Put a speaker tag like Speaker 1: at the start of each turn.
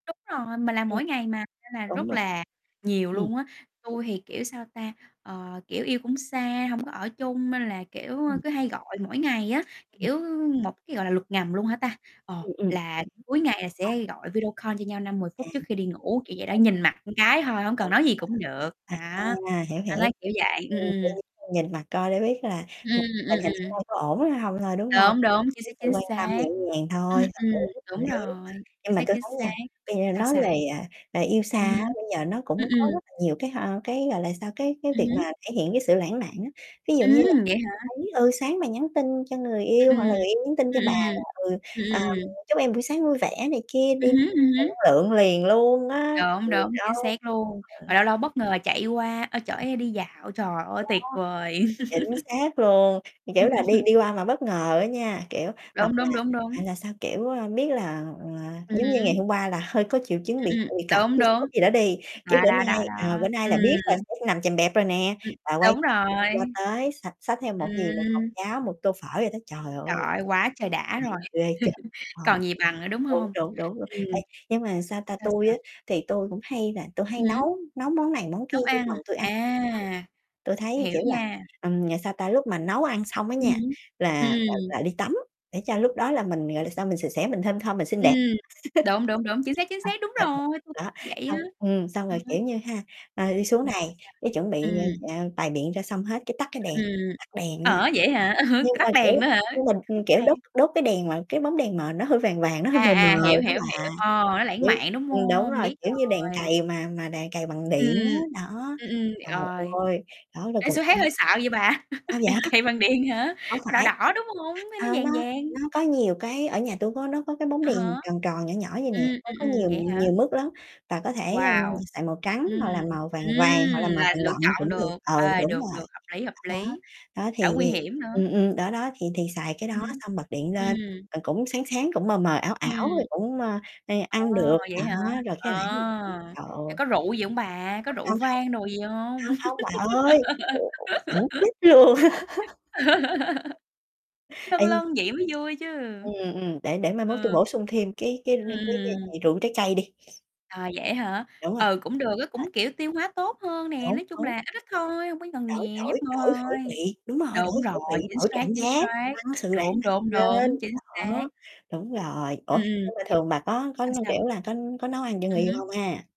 Speaker 1: Đúng rồi, mình làm
Speaker 2: Ừm.
Speaker 1: mỗi ngày mà nên là
Speaker 2: Đúng
Speaker 1: rất
Speaker 2: rồi.
Speaker 1: là nhiều
Speaker 2: Ừm.
Speaker 1: luôn á.
Speaker 2: Ừm.
Speaker 1: Tui thì, kiểu, sao ta, ờ, kiểu, yêu cũng xa, hông có ở chung nên là, kiểu, ơ,
Speaker 2: Ừm.
Speaker 1: cứ hay gọi mỗi ngày á,
Speaker 2: Ừm.
Speaker 1: kiểu, một cái gọi là luật ngầm luôn hả ta, ờ,
Speaker 2: Ừm, ừm. Hiểu, hiểu.
Speaker 1: là cuối ngày là
Speaker 2: À.
Speaker 1: sẽ gọi video call cho nhau 5-10
Speaker 2: À.
Speaker 1: phút
Speaker 2: Ừm.
Speaker 1: trước khi đi ngủ, kiểu vậy đó, nhìn mặt một cái thôi, hổng cần
Speaker 2: Đúng
Speaker 1: nói gì cũng được. Đó.
Speaker 2: nha. À, hiểu,
Speaker 1: Anh
Speaker 2: hiểu.
Speaker 1: nói kiểu vậy. Ừm,
Speaker 2: Ừm, kiểu,
Speaker 1: ừm.
Speaker 2: nhìn mặt coi để biết là
Speaker 1: Ừm,
Speaker 2: [unintelligible]
Speaker 1: ừm,
Speaker 2: tình
Speaker 1: ừm, ừm,
Speaker 2: hình hôm
Speaker 1: ừm.
Speaker 2: nay có ổn hay hông thôi, đúng hông?
Speaker 1: Đúng,
Speaker 2: Thể
Speaker 1: đúng,
Speaker 2: hiện
Speaker 1: chính
Speaker 2: cái
Speaker 1: xác,
Speaker 2: sự
Speaker 1: chính
Speaker 2: quan tâm
Speaker 1: xác.
Speaker 2: nhẹ nhàng
Speaker 1: Ừm,
Speaker 2: thôi, hợp
Speaker 1: ừm,
Speaker 2: lý, hợp
Speaker 1: đúng
Speaker 2: lý.
Speaker 1: rồi.
Speaker 2: Nhưng
Speaker 1: Chính
Speaker 2: mà
Speaker 1: xác,
Speaker 2: tui
Speaker 1: chính
Speaker 2: thấy
Speaker 1: xác.
Speaker 2: nha, tuy nhiên
Speaker 1: Sao,
Speaker 2: nói
Speaker 1: sao?
Speaker 2: về, à, về yêu xa
Speaker 1: Ừm
Speaker 2: á,
Speaker 1: hứm.
Speaker 2: bây giờ nó
Speaker 1: Ừm,
Speaker 2: cũng có
Speaker 1: ừm.
Speaker 2: rất là nhiều cái, hơ, cái, gọi là sao, cái cái
Speaker 1: Ừm
Speaker 2: việc
Speaker 1: hứm.
Speaker 2: mà thể hiện cái sự lãng mạn á. Ví dụ như là
Speaker 1: Ừm, vậy hả?
Speaker 2: thấy, ừ, sáng mà nhắn tin cho người
Speaker 1: Ừm,
Speaker 2: yêu, hoặc là
Speaker 1: ừm.
Speaker 2: người yêu nhắn tin cho
Speaker 1: Ừm,
Speaker 2: bà
Speaker 1: ừm.
Speaker 2: là, ừ,
Speaker 1: Ừm,
Speaker 2: à, [unintelligible]
Speaker 1: ừm.
Speaker 2: "Chúc em buổi sáng vui vẻ" này kia
Speaker 1: Ừm
Speaker 2: đi
Speaker 1: hứm, ừm hứm.
Speaker 2: [unintelligible] lượng liền luôn á.
Speaker 1: Đúng,
Speaker 2: Mình
Speaker 1: đúng, chính
Speaker 2: đâu
Speaker 1: xác luôn. Mà
Speaker 2: ừ.
Speaker 1: lâu lâu bất ngờ chạy qua, ơ, chở em đi dạo. Trời ơi,
Speaker 2: Đó.
Speaker 1: tuyệt vời!
Speaker 2: Chính xác luôn,
Speaker 1: Ừm.
Speaker 2: kiểu là, đi đi qua mà bất ngờ á nha, kiểu, hoặc
Speaker 1: Đúng,
Speaker 2: là
Speaker 1: đúng, đúng, đúng.
Speaker 2: hoặc là sao, kiểu, ơ, biết là, ờ,
Speaker 1: Ừm
Speaker 2: giống như ngày
Speaker 1: hứm.
Speaker 2: hôm qua là hơi có triệu chứng
Speaker 1: Ừm,
Speaker 2: bị c
Speaker 1: ừm.
Speaker 2: bị cảm
Speaker 1: Đúng,
Speaker 2: đi,
Speaker 1: đúng.
Speaker 2: sốt gì đó đi, cái
Speaker 1: Đó,
Speaker 2: bữa
Speaker 1: đó,
Speaker 2: nay,
Speaker 1: đó,
Speaker 2: ờ, bữa
Speaker 1: đó.
Speaker 2: nay là biết rồi
Speaker 1: Ừm.
Speaker 2: sẽ nằm chèm bẹp rồi nè,
Speaker 1: Ừm.
Speaker 2: và quay
Speaker 1: Đúng
Speaker 2: [unintelligible] qua
Speaker 1: rồi.
Speaker 2: tới xạch xách theo một gì, một hộp
Speaker 1: Ừm.
Speaker 2: cháo, một tô phở vậy đó, trời
Speaker 1: Trời
Speaker 2: ơi.
Speaker 1: ơi, quá trời đã rồi!
Speaker 2: [unintelligible] Ghê trời! Ờ,
Speaker 1: Còn gì bằng nữa, đúng
Speaker 2: đúng,
Speaker 1: hông?
Speaker 2: đúng, đúng luôn. Ê,
Speaker 1: Ừm.
Speaker 2: nhưng mà, sao ta,
Speaker 1: Sao
Speaker 2: tui
Speaker 1: sao?
Speaker 2: á thì tui cũng hay là tui hay
Speaker 1: Ừm hứm.
Speaker 2: nấu nấu món này món kia
Speaker 1: Nấu
Speaker 2: cho
Speaker 1: ăn.
Speaker 2: chồng tui ăn
Speaker 1: À.
Speaker 2: [unintelligible] tui thấy,
Speaker 1: Hiểu
Speaker 2: kiểu là,
Speaker 1: nha.
Speaker 2: ừm, à, sao ta, lúc mà nấu ăn xong á
Speaker 1: Ừm
Speaker 2: nha,
Speaker 1: hứm. Ừm,
Speaker 2: là là
Speaker 1: ừm.
Speaker 2: là đi tắm để cho lúc đó là mình, gọi là sao, mình sạch sẽ, mình thơm thơm mình xinh
Speaker 1: Ừm.
Speaker 2: đẹp.
Speaker 1: Đúng, đúng, đúng, chính xác, chính xác, đúng
Speaker 2: Ờ. Ừ.
Speaker 1: rồi! Tui
Speaker 2: Đó,
Speaker 1: vậy á.
Speaker 2: xong, ừm, xong
Speaker 1: Ờ
Speaker 2: rồi,
Speaker 1: ha.
Speaker 2: kiểu như ha, ờ, đi xuống
Speaker 1: Ừm, sao
Speaker 2: này
Speaker 1: sao?
Speaker 2: cái chuẩn bị,
Speaker 1: Ừm.
Speaker 2: a, bày biện ra xong hết cái tắt cái
Speaker 1: Ưm,
Speaker 2: đèn,
Speaker 1: ừm.
Speaker 2: tắt đèn nha,
Speaker 1: Ở vậy hả?
Speaker 2: nhưng mà
Speaker 1: Tắt đèn
Speaker 2: kiểu
Speaker 1: nữa hả?
Speaker 2: nhưng mà, ừm,
Speaker 1: Khúc
Speaker 2: kiểu đốt
Speaker 1: này
Speaker 2: đốt cái đèn mà cái bóng đèn mờ nó hơi vàng vàng, nó hơi
Speaker 1: À,
Speaker 2: mờ mờ
Speaker 1: à, hiểu,
Speaker 2: đó
Speaker 1: hiểu,
Speaker 2: bà,
Speaker 1: hiểu. Ờ, nó lãng
Speaker 2: kiểu
Speaker 1: mạn, đúng
Speaker 2: ừm, đúng
Speaker 1: hông?
Speaker 2: rồi,
Speaker 1: Biết
Speaker 2: kiểu như đèn
Speaker 1: rồi.
Speaker 2: cầy mà mà đèn cầy bằng
Speaker 1: Ừm,
Speaker 2: điện
Speaker 1: ừm.
Speaker 2: á, đó,
Speaker 1: Ừm, ừm,
Speaker 2: trời
Speaker 1: rồi.
Speaker 2: ơi, đó, là
Speaker 1: Ê,
Speaker 2: còn
Speaker 1: sao
Speaker 2: ăn
Speaker 1: thấy hơi sợ vậy bà.
Speaker 2: sao vậy?
Speaker 1: Đèn cầy bằng điện hả?
Speaker 2: Hổng
Speaker 1: Nó đỏ
Speaker 2: phải.
Speaker 1: đỏ, đúng hông? Hay
Speaker 2: Ờ,
Speaker 1: nó
Speaker 2: nó
Speaker 1: vàng vàng?
Speaker 2: nó có nhiều cái ở nhà tui có nó có cái bóng
Speaker 1: À
Speaker 2: đèn
Speaker 1: há.
Speaker 2: tròn tròn, nhỏ nhỏ vậy nè,
Speaker 1: Ừm,
Speaker 2: nó
Speaker 1: ừm,
Speaker 2: có
Speaker 1: ừm,
Speaker 2: nhiều
Speaker 1: vậy hả?
Speaker 2: nhiều mức lắm và có thể, a,
Speaker 1: Wow!
Speaker 2: xài màu trắng
Speaker 1: Ừm.
Speaker 2: hoặc là màu vàng vàng hoặc
Speaker 1: Ừm,
Speaker 2: là màu
Speaker 1: là
Speaker 2: vàng
Speaker 1: lựa
Speaker 2: đậm
Speaker 1: chọn
Speaker 2: cũng được.
Speaker 1: được.
Speaker 2: Ừ,
Speaker 1: Ê,
Speaker 2: đúng
Speaker 1: được,
Speaker 2: rồi.
Speaker 1: được, hợp lý, hợp
Speaker 2: Đó,
Speaker 1: lý.
Speaker 2: đó, dó, thì
Speaker 1: Đỡ nguy
Speaker 2: thì
Speaker 1: hiểm nữa.
Speaker 2: ừm, ừm, đó, đó thì thì xài cái
Speaker 1: Ừm
Speaker 2: đó
Speaker 1: hứm.
Speaker 2: xong bật điện lên,
Speaker 1: Ừm.
Speaker 2: rồi cũng sáng sáng, cũng mờ mờ, ảo ảo rồi
Speaker 1: Ừm.
Speaker 2: cũng, ơ, [unintelligible]
Speaker 1: Ồ,
Speaker 2: ăn được,
Speaker 1: vậy hả?
Speaker 2: đó rồi cái
Speaker 1: Ờ.
Speaker 2: lãng mạn. Trời
Speaker 1: À,
Speaker 2: ơi.
Speaker 1: có rượu gì hông bà? Có
Speaker 2: Ừ,
Speaker 1: rượu
Speaker 2: hông, hông.
Speaker 1: vang đồ gì hông?
Speaker 2: Hông, hông, bà ơi, rượu uống xỉn chết luôn.
Speaker 1: Lâng
Speaker 2: Ê, nh
Speaker 1: lâng vậy mới vui chứ.
Speaker 2: Ừm, ừm, để để mai mốt tui
Speaker 1: Ừ.
Speaker 2: bổ sung thêm cái cái r
Speaker 1: Ừm, ừm,
Speaker 2: cái gian
Speaker 1: ừm.
Speaker 2: hàng rượu trái cây đi.
Speaker 1: À, vậy á hả?
Speaker 2: Đúng rồi.
Speaker 1: Ừ, cũng được á,
Speaker 2: Ờ.
Speaker 1: cũng, kiểu, tiêu hóa tốt hơn nè,
Speaker 2: Đúng.
Speaker 1: nói chung
Speaker 2: Đúng.
Speaker 1: là ít ít thôi, hông có cần
Speaker 2: Đổi
Speaker 1: nhiều,
Speaker 2: đổi
Speaker 1: nhấp môi
Speaker 2: đổi khẩu
Speaker 1: thôi.
Speaker 2: vị, đúng rồi,
Speaker 1: Đúng
Speaker 2: đổi
Speaker 1: rồi,
Speaker 2: khẩu vị,
Speaker 1: chính
Speaker 2: đổi
Speaker 1: xác,
Speaker 2: cảm
Speaker 1: chính
Speaker 2: giác,
Speaker 1: sác.
Speaker 2: tăng sự lãng
Speaker 1: Đúng, đúng,
Speaker 2: mạn lên.
Speaker 1: đúng, chính
Speaker 2: Đó,
Speaker 1: xác.
Speaker 2: đúng rồi. Ủa,
Speaker 1: Ừm, ừm.
Speaker 2: nhưng mà
Speaker 1: Nh
Speaker 2: thường bà có có,
Speaker 1: sao
Speaker 2: như
Speaker 1: sao?
Speaker 2: kiểu là, có có nấu ăn cho người
Speaker 1: Ừm
Speaker 2: yêu
Speaker 1: hứm.
Speaker 2: hông ha?